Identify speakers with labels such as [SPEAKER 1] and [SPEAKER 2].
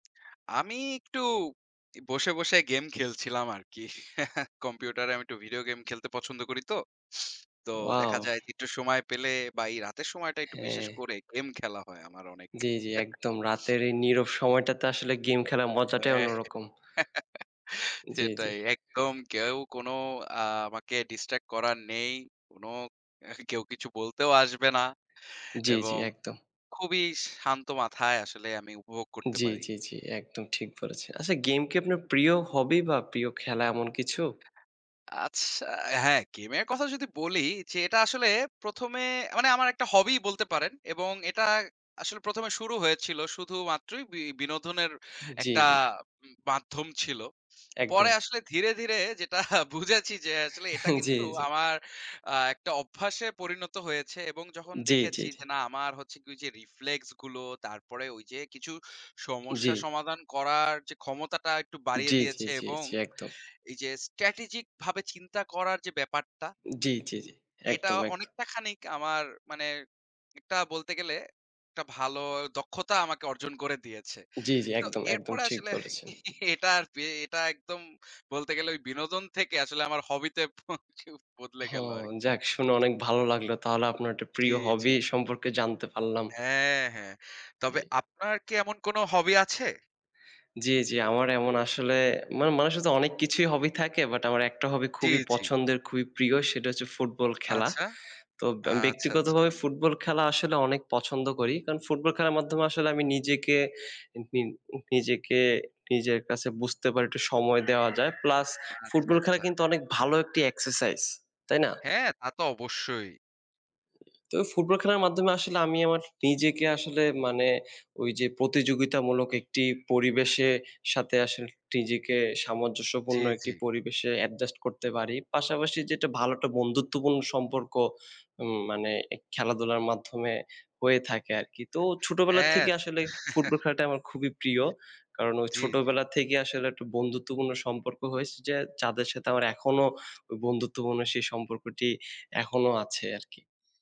[SPEAKER 1] আমি একটু, এই বসে, বসে গেম খেলছিলাম আরকি। কম্পিউটারে আমি একটু ভিডিও গেম খেলতে পছন্দ করিতো। তো
[SPEAKER 2] ওয়াও!
[SPEAKER 1] দেখা যায় যে একটু সময় পেলে বা এই রাতের সময়টা একটু বিশেষ
[SPEAKER 2] হ্যাঁ।
[SPEAKER 1] করে গেম খেলা হয় আমার অনেক।
[SPEAKER 2] জি, জি, একদম। রাতের এই নীরব সময়টাতে আসলে গেম খেলার
[SPEAKER 1] হ্যাঁ।
[SPEAKER 2] মজাটাই অন্যরকম। জি, জি।
[SPEAKER 1] সেটাই! একদম। কেউ কোনো আ আমাকে ডিস্ট্র্যাক্ট করার নেই। কোনো এহ কেউ কিছু বলতেও আসবে না
[SPEAKER 2] জি, জি,
[SPEAKER 1] এবং
[SPEAKER 2] একদম।
[SPEAKER 1] খুবই শান্ত মাথায় আসলে আমি উপভোগ করতে
[SPEAKER 2] জি,
[SPEAKER 1] পারি।
[SPEAKER 2] জি, জি, একদম, ঠিক বলেছেন। আচ্ছা, গেম কি আপনার প্রিয় হবি বা প্রিয় খেলা এমন কিছু?
[SPEAKER 1] আচ্ছা হ্যাঁ, গেমের কথা যদি বলি যে এটা আসলে প্রথমে মানে আমার একটা হবিই বলতে পারেন এবং এটা আসলে প্রথমে শুরু হয়েছিল শুধুমাত্রই বি বিনোদনের
[SPEAKER 2] হুম, জি,
[SPEAKER 1] একটা
[SPEAKER 2] জি।
[SPEAKER 1] উম মাধ্যম ছিল।
[SPEAKER 2] একদম।
[SPEAKER 1] পরে আসলে ধীরে, ধীরে যেটা বুঝেছি যে আসলে এটা
[SPEAKER 2] জি,
[SPEAKER 1] কিন্তু
[SPEAKER 2] জি।
[SPEAKER 1] আমার আ একটা অভ্যাসে পরিণত হয়েছে এবং যখন
[SPEAKER 2] জি, জি,
[SPEAKER 1] দেখেছি
[SPEAKER 2] জি।
[SPEAKER 1] যে না আমার হচ্ছে কি যে রিফ্লেক্স গুলো, তারপরে ওইযে কিছু
[SPEAKER 2] জি।
[SPEAKER 1] সমস্যা সমাধান করার যে ক্ষমতাটা একটু বাড়িয়ে
[SPEAKER 2] জি, জি,
[SPEAKER 1] দিয়েছে
[SPEAKER 2] জি,
[SPEAKER 1] এবং
[SPEAKER 2] জি, একদম।
[SPEAKER 1] এই যে স্ট্র্যাটেজিক ভাবে চিন্তা করার যে ব্যাপারটা
[SPEAKER 2] জি, জি, জি,
[SPEAKER 1] এটা
[SPEAKER 2] একদম, একদম।
[SPEAKER 1] অনেকটা খানিক আমার মানে, একটা বলতে গেলে, একটা ভালো দক্ষতা আমাকে অর্জন করে দিয়েছে।
[SPEAKER 2] জি, জি,
[SPEAKER 1] তো
[SPEAKER 2] একদম, একদম
[SPEAKER 1] এরপরে
[SPEAKER 2] ঠিক
[SPEAKER 1] আসলে
[SPEAKER 2] বলেছেন।
[SPEAKER 1] এটা আর বে এটা একদম বলতে গেলে ওই বিনোদন থেকে আসলে আমার হবিতে [unintelligible] বদলে গেল
[SPEAKER 2] হুম
[SPEAKER 1] আরকি!
[SPEAKER 2] যাক, শুনে অনেক ভালো লাগলো। তাহলে আপনার একটা
[SPEAKER 1] জি,
[SPEAKER 2] প্রিয়
[SPEAKER 1] জি।
[SPEAKER 2] হবি সম্পর্কে জানতে পারলাম।
[SPEAKER 1] অ্যা হ্যাঁ। তবে
[SPEAKER 2] জি।
[SPEAKER 1] আপনার কি এমন কোনো হবি আছে?
[SPEAKER 2] জি, জি, আমার এমন আসলে, মা মানুষের যে অনেক কিছুই হবি থাকে, বাট আমার একটা হবি
[SPEAKER 1] জি,
[SPEAKER 2] খুবই
[SPEAKER 1] জি।
[SPEAKER 2] পছন্দের, খুবই প্রিয় সেটা হচ্ছে ফুটবল খেলা।
[SPEAKER 1] আচ্ছা।
[SPEAKER 2] তো ব্য
[SPEAKER 1] আচ্ছা, আচ্ছা।
[SPEAKER 2] ব্যক্তিগতভাবে ফুটবল খেলা আসলে অনেক পছন্দ করি। কারণ ফুটবল খেলার মাধ্যমে আসলে আমি নিজেকে [unintelligible] নিজেকে, নিজের কাছে বুঝতে পারি, একটু সময় দেওয়া যায়। প্লাস
[SPEAKER 1] আচ্ছা,
[SPEAKER 2] ফুটবল খেলা
[SPEAKER 1] আচ্ছা।
[SPEAKER 2] কিন্তু অনেক ভালো একটি এক্সারসাইজ। তাই না?
[SPEAKER 1] হ্যাঁ, তাতো অবশ্যই।
[SPEAKER 2] তো ফুটবল খেলার মাধ্যমে আসলে আমি আমার নিজেকে আসলে মানে ওইযে প্রতিযোগিতামূলক একটি পরিবেশে সাথে আসলে টিজেকে
[SPEAKER 1] জি,
[SPEAKER 2] সামঞ্জস্যপূর্ণ একটি
[SPEAKER 1] জি।
[SPEAKER 2] পরিবেশে অ্যাডজাস্ট করতে পারি। পাশাপাশি যেটা ভালো একটা বন্ধুত্বপূর্ণ সম্পর্ক, উম মানে খেলাধুলার মাধ্যমে হয়ে থাকে আরকি। তো ছোটবেলা
[SPEAKER 1] হ্যাঁ।
[SPEAKER 2] থেকে আসলে ফুটবল খেলাটা আমার খুবই প্রিয়। কারণ ওই
[SPEAKER 1] জি, জি।
[SPEAKER 2] ছোটবেলা থেকেই আসলে একটা বন্ধুত্বপূর্ণ সম্পর্ক হয়েছে, যে যাদের সাথে আমার এখনো ওই বন্ধুত্বপূর্ণ সেই সম্পর্কটি, এখনো আছে আরকি।